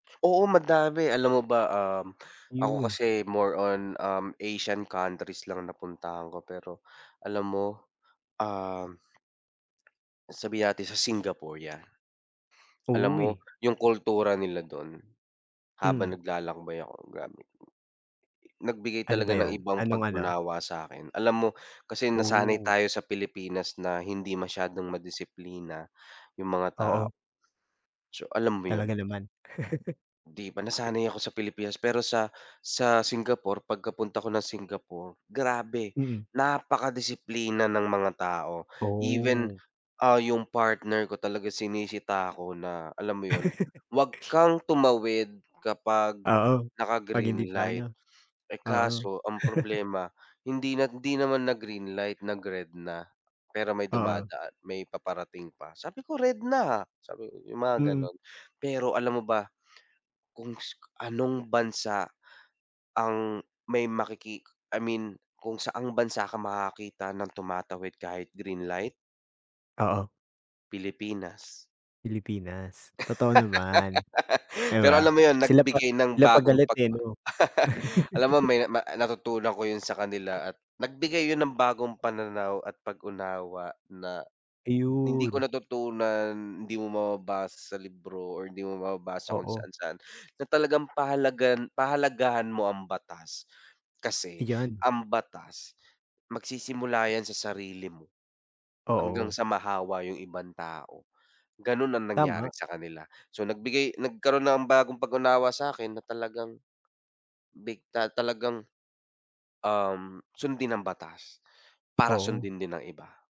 Oo madami alam mo ba, um, ako Ayun. kasi more on, um, Asian countries lang napuntahan ko pero, alam mo? Um sabihin natin sa Singapore yan. Alam mo, Uy. yung kultura nila dun, habang Mm. naglalakbay ako grabe, nagbigay Ano ba talaga ng yun? ibang Anong-ano? pag-unawa sakin, alam mo kasi nasanay Oh. tayo sa Pilipinas na hindi masyadong ma-disiplina yung mga ta Oo. So alam mo yun? Talaga naman. Di ba nasanay ako sa Pilipinas pero sa sa Singapore pagka-punta ako ng Singapore, grabe, Mm. napaka-disiplina ng mga tao, even, Oh. ah, yung partner ko talaga sinisita ako na alam mo yun, wag kang tumawid kapag Oo, naka pag hindi pa greenlight ano, eh oo. kaso ang problema, hindi na hindi naman nag greenlight nag red na, pero may Oo. dumadaan may paparating pa sabi ko "Red na ha" Sabi ko yung mga Mm. ganun pero alam mo ba? Kung anong bansa, ang may makiki I mean kung saan bansa ka makakakita ng tumatawid kahit green light? Oo. Pilipinas. Pilipinas? Totoo naman, di Pero ba? alam mo yun Sila pa nagbigay ng sila pa bagong galit, pag eh, no? Alam mo may ma ah, natutunan ko yun sa kanila at nagbigay yun ng bagong pananaw at pag-unawa na, hindi ko Ayun. natutunan, hindi mo mababasa sa libro or hindi mo mababasa kung Oo. saan-saan na talagang pahalagahan pahalagahan mo ang batas. Kasi, Ayan. ang batas, magsisimula yan sa sarili mo, hanggang Oo. sa mahawa yung ibang tao ganun ang nangyari Tama. sa kanila. So nagbigay nagkaroon na ko ng bagong pag-unawa sakin na talagang, bigla talagang, um, sundin ang batas. Para Oo. sundin din ng iba.